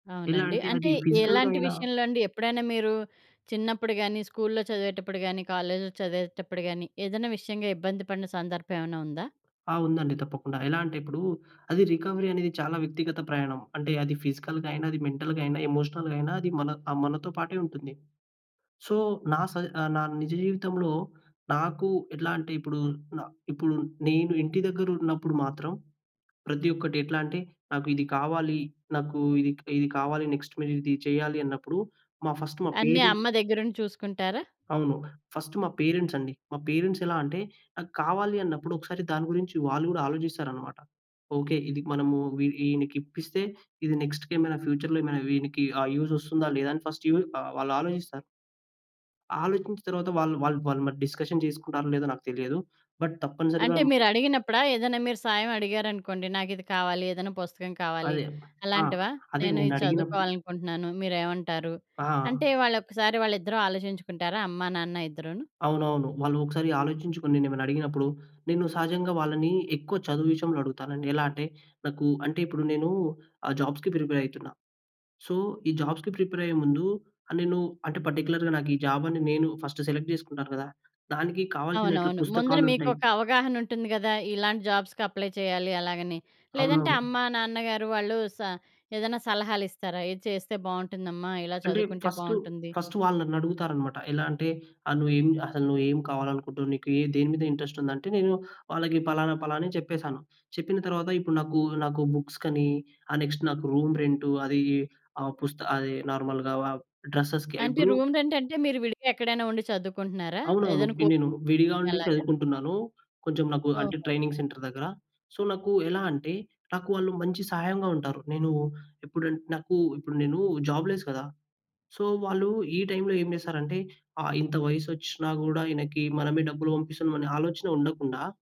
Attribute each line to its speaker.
Speaker 1: ఎలా
Speaker 2: అవునండి.
Speaker 1: అంటే అది
Speaker 2: అంటే
Speaker 1: ఫిజికల్‌గా
Speaker 2: ఎలాంటి
Speaker 1: అయినా
Speaker 2: విషయంలో అండి? ఎప్పుడైనా మీరు చిన్నప్పుడు గానీ, స్కూల్‌లో చదివేటప్పుడు గానీ, కాలేజ్‌లో చదివేటప్పుడు గానీ, ఏదైనా విషయంగా ఇబ్బంది పడిన సందర్భం ఏమైనా ఉందా?
Speaker 1: ఆ! ఉందండి తప్పకుండా. ఎలా అంటే ఇప్పుడు, అది రికవరీ అనేది చాలా వ్యక్తిగత ప్రయాణం. అంటే అది ఫిజికల్‌గాయినా, అది మెంటల్‌గాయినా, ఎమోషనల్‌గాయినా, అది మన ఆహ్, మనతో పాటే ఉంటుంది. సో, నా స నా నిజ జీవితంలో నాకు ఎట్లంటే ఇప్పుడు, నా ఇప్పుడు నేను ఇంటి దగ్గర ఉన్నప్పుడు మాత్రం ప్రతి ఒక్కటి ఎట్లంటే నాకు ఇది కావాలి. నాకు ఇది క్ కావాలి. నెక్స్ట్ మీరిది చేయాలన్నప్పుడు మా ఫస్ట్ మా
Speaker 2: అన్నీ అమ్మ
Speaker 1: పేరెంట్స్
Speaker 2: దగ్గరుండి చూసుకుంటారా?
Speaker 1: అవును. ఫస్ట్ మా పేరెంట్స్ అండి. మా పేరెంట్స్ ఎలా అంటే, నాకు కావాలన్నప్పుడు ఒకసారి దాని గురించి వాళ్ళు కూడా ఆలోచిస్తారన్నమాట. ఓకే. ఇది మనము వీ ఈ ఈయనకి ఇప్పిస్తే, ఇది నెక్స్ట్‌కేమైనా ఫ్యూచర్‌లో ఏమైనా వీనికి ఆహ్, యూజ్ వస్తుందా? లేదా? అని ఫస్ట్ యూ ఆహ్, వాళ్ళాలోచిస్తారు. ఆలోచించిన తరువాత వాళ్ వాళ్ళు వాళ్లుమరి డిస్కషన్ చేసుకుంటారో లేదో నాకు తెలియదు. బట్ తప్పనిసరిగా
Speaker 2: అంటే
Speaker 1: మ్
Speaker 2: మీరు అడిగినప్పుడా, ఏదైనా మీరు సాయం అడిగారనుకోండి, నాకు ఇది కావాలి ఏదైనా పుస్తకం కావాలి
Speaker 1: అదే! ఆ!
Speaker 2: అలాంటివా?
Speaker 1: అదే!
Speaker 2: నేను ఇది
Speaker 1: నేనడిగినప్పుడు
Speaker 2: చదువుకోవాలనుకుంటున్నాను మీరేమంటారు
Speaker 1: ఆ!
Speaker 2: అంటే వాళ్ళొక్కసారి వాళ్ళిద్దరూ ఆలోచించుకుంటారా? అమ్మా-నాన్న ఇద్దరూను?
Speaker 1: అవునవును. వాళ్ళు ఒకసారి ఆలోచించుకొని నేనేమైనా అడిగినప్పుడు నేను సహజంగా వాళ్ళని ఎక్కువ చదువు విషయంలో అడుగుతానండి. ఎలా అంటే నాకు అంటే ఇప్పుడు నేను ఆ జాబ్స్‌కి ప్రిపేర్ అయితున్నా. సో, ఈ జాబ్స్‌కి ప్రిపేర్ అయ్యే ముందు నేను అంటే పార్టిక్యులర్‌గా నాకు ఈ జాబ్ అని నేను ఫస్ట్ సెలెక్ట్ చేసుకుంటాను కదా! దానికి కావాల్సిన
Speaker 2: అవునవును. ముందర
Speaker 1: పుస్తకాలుంటాయి.
Speaker 2: మీకొక అవగాహన ఉంటుంది కదా! ఇలాంటి జాబ్స్‌కి అప్లై చెయ్యాలి? అలాగని. లేదంటే
Speaker 1: అవునవును.
Speaker 2: అమ్మ, నాన్నగారు వాళ్ళు స ఏదైనా సలహాలు ఇస్తారా? ఇది చేస్తే బాగుంటుందమ్మా ఇలా
Speaker 1: అంటే
Speaker 2: చదువుకుంటే
Speaker 1: ఫస్టు,
Speaker 2: బాగుంటుంది.
Speaker 1: ఫస్ట్ వాళ్ళు నన్నడుగుతారన్నమాట. ఎలా అంటే, ఆహ్, నువ్వు ఏం అసలు నువ్వేమి కావాలనుకుంటున్నావు. నీకు దేని మీద ఇంట్రెస్ట్ ఉంది. అంటే నేను వాళ్ళకి ఫలానా ఫలానా అని చెప్పేసాను. చెప్పిన తరువాత ఇప్పుడు నాకు, నాకు బుక్స్ కని ఆహ్, నెక్స్ట్ నాకు రూమ్ రెంటు అది ఆహ్, పుస్త అది నార్మల్‌గా డ్రెసెస్‌కి
Speaker 2: అంటే
Speaker 1: ఇప్పుడు
Speaker 2: రూమ్‌ రెంటంటే మీరు విడిగా ఎక్కడైనా ఉండి చదువుకుంటున్నారా?
Speaker 1: అవునవును.
Speaker 2: ఏదైనా
Speaker 1: ఇప్పుడు
Speaker 2: కోచింగ్
Speaker 1: నేను విడిగా
Speaker 2: సెంటర్‌లో
Speaker 1: ఉండి
Speaker 2: అలాగా?
Speaker 1: చదువుకుంటున్నాను. కొంచెం నాకు అంటే
Speaker 2: ఓహో!
Speaker 1: ట్రైనింగ్ సెంటర్ దగ్గర సో, నాకెలా అంటే నాకు వాళ్ళు మంచి సహాయంగా ఉంటారు. నేను ఎప్పుడంటే నాకు ఇప్పుడు నేను జాబ్ లెస్ కదా! సో, వాళ్ళు ఈ టైమ్‌లో ఏం చేస్తారంటే ఆహ్, ఇంత వయసచ్చినా గూడా ఈయనకి మనమే డబ్బులు పంపిస్తున్నాం అనే ఆలోచన ఉండకుండా